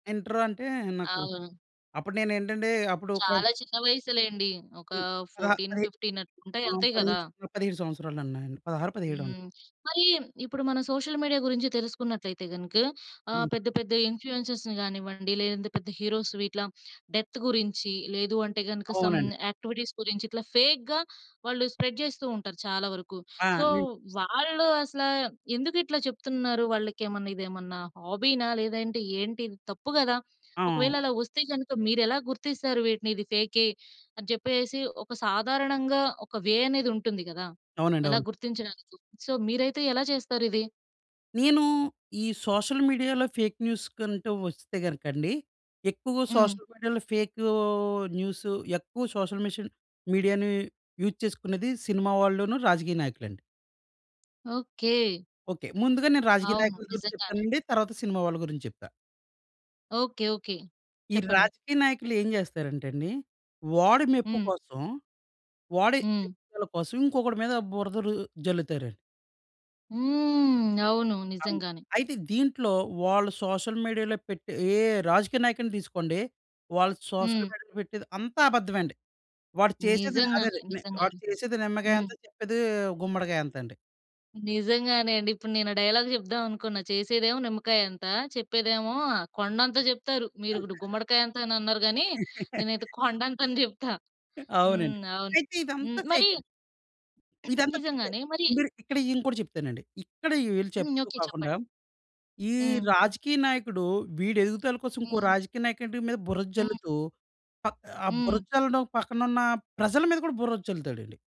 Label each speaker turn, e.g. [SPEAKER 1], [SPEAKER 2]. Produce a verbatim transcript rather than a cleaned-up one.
[SPEAKER 1] Inter అంటే నాకు
[SPEAKER 2] అవును.
[SPEAKER 1] అప్పుడు నేను ఏంటంటే అప్పుడు కొం
[SPEAKER 2] చాలా చిన్న వయసులెండి. ఒక
[SPEAKER 1] పదహా
[SPEAKER 2] ఫోర్టీన్
[SPEAKER 1] పదిహే
[SPEAKER 2] ఫిఫ్టీన్ అట్లుంటాయి
[SPEAKER 1] ఆహ్,
[SPEAKER 2] అంతే
[SPEAKER 1] పదిహే
[SPEAKER 2] గదా!
[SPEAKER 1] స్ పదిహేడు సంవత్సరాలు ఉన్నాయండి. పదహారో పదిహేడో ఉం
[SPEAKER 2] హ్మ్. మరీ ఇప్పుడు మన సోషల్ మీడియా గురించి తెలుసుకున్నట్లయితే గనుక ఆహ్, పెద్ద పెద్ద ఇన్‌ఫ్లుయెన్సర్స్‌ని గానివ్వండి. లేదంటే పెద్ద హీరోస్‌వి ఇట్లా డెత్ గురించి, లేదు అంటే గనుక సమ్
[SPEAKER 1] అవునండి.
[SPEAKER 2] యాక్టివిటీస్ గురించి ఇట్లా ఫేక్‌గా వాళ్ళు స్ప్రెడ్ జేస్తూ ఉంటారు చాలా వరకు.
[SPEAKER 1] ఆ!
[SPEAKER 2] సో వాళ్ళు అసల ఎందుకు ఇట్లా చెప్తున్నారు. వాళ్ళకి ఏమన్నా ఇదేమన్నా హాబీనా! లేదా ఏంటి ఇది తప్పు గదా! ఒకవేళ
[SPEAKER 1] అవును.
[SPEAKER 2] అలా వస్తే గనుక మీరు ఎలా గుర్తిస్తారు వీటిని? ఇది ఫేకే అని చెప్పేసేసి ఒక సాధారణంగా ఒక వే అనేది ఉంటుంది గదా!
[SPEAKER 1] అవునండి.
[SPEAKER 2] ఎలా
[SPEAKER 1] అవును.
[SPEAKER 2] గుర్తించడానికి సో, మీరైతే ఎలా చేస్తారిది?
[SPEAKER 1] నేను ఈ సోషల్ మీడియాలో ఫేక్ న్యూస్‌కంటూ వస్తే గనుక అండి ఎక్కువగా
[SPEAKER 2] హ్మ్.
[SPEAKER 1] సోషల్ మీడియాలో ఫేక్ న్యూస్ ఎక్కువ సోషల్ మిషాని మీడియాని యూజ్ చేసుకునేది సినిమా వాళ్ళను రాజకీయ నాయకులండి.
[SPEAKER 2] ఓకే.
[SPEAKER 1] ఓకే. ముందుగా నేను రాజకీయ
[SPEAKER 2] అవును.
[SPEAKER 1] నాయకుల గురించి
[SPEAKER 2] నిజంగానే.
[SPEAKER 1] చెప్తానండి. తర్వాత సినిమా వాళ్ళ గురించి చెప్తా.
[SPEAKER 2] ఓకే. ఓకే.
[SPEAKER 1] ఈ
[SPEAKER 2] చెప్పండి.
[SPEAKER 1] రాజకీయ నాయకులు ఏం జేస్తారంటే అండి. వాడి మెప్పు
[SPEAKER 2] హ్మ్.
[SPEAKER 1] కోసం వాడి
[SPEAKER 2] హ్మ్.
[SPEAKER 1] ఎదుగుదల కోసం ఇంకొకడి మీద బురద రు జల్లుతారండి.
[SPEAKER 2] హ్మ్. అవును.
[SPEAKER 1] అవును.
[SPEAKER 2] నిజంగానే.
[SPEAKER 1] అయితే దీంట్లో వాళ్ళు సోషల్ మీడియాలో పెట్టే ఏ రాజకీయ నాయకుడిని తీసుకోండి. వాళ్ళు సోషల్
[SPEAKER 2] హ్మ్.
[SPEAKER 1] మీడియాలో పెట్టేది అంతా అబద్ధమే అండి. వాడు చేసేది ని అదే
[SPEAKER 2] నిజంగానే!
[SPEAKER 1] అదే వాడు
[SPEAKER 2] నిజంగానే!
[SPEAKER 1] చేసేది నిమ్మకాయ
[SPEAKER 2] హ్మ్.
[SPEAKER 1] అంత! చెప్పేది గుమ్మడికాయ అంత అండి.
[SPEAKER 2] నిజంగానే అండి. ఇప్పుడు నేను ఆ డైలాగ్ చెప్దాం అనుకున్నా చేసేదేమో నిమ్మకాయ అంత! చెప్పేదేమో కొండంతా చెప్తారు. మీరు ఇప్పుడు గుమ్మడికాయ అంత అని అన్నారు గాని నేనైతే కొండంత అని చెప్తా. హ్మ్.
[SPEAKER 1] అవునండి.
[SPEAKER 2] అవును.
[SPEAKER 1] అయితే
[SPEAKER 2] హ్మ్.
[SPEAKER 1] ఇదంతా
[SPEAKER 2] మరీ
[SPEAKER 1] ఫేక్ అండి. ఇదంతా ఫేకే!
[SPEAKER 2] నిజంగానే మరి
[SPEAKER 1] మీరు ఇక్కడ ఇంకోటి చెప్తానండి. ఇక్కడ ఈళ్ళు
[SPEAKER 2] హ్మ్.
[SPEAKER 1] చెప్తూ
[SPEAKER 2] ఓకే.
[SPEAKER 1] కాకుండా
[SPEAKER 2] చెప్పండి.
[SPEAKER 1] ఈ
[SPEAKER 2] హ్మ్.
[SPEAKER 1] రాజకీయ నాయకుడు వీడి ఎదుగుదల కోసం ఇంకో
[SPEAKER 2] హ్మ్.
[SPEAKER 1] రాజకీయ నాయకుడి మీద బురద
[SPEAKER 2] హ్మ్.
[SPEAKER 1] జల్లుతూ పక్ ఆ
[SPEAKER 2] హ్మ్.
[SPEAKER 1] బురద చల్లడం పక్కన ఉన్న ప్రజల మీద కూడా బురద జల్లుతాడండి.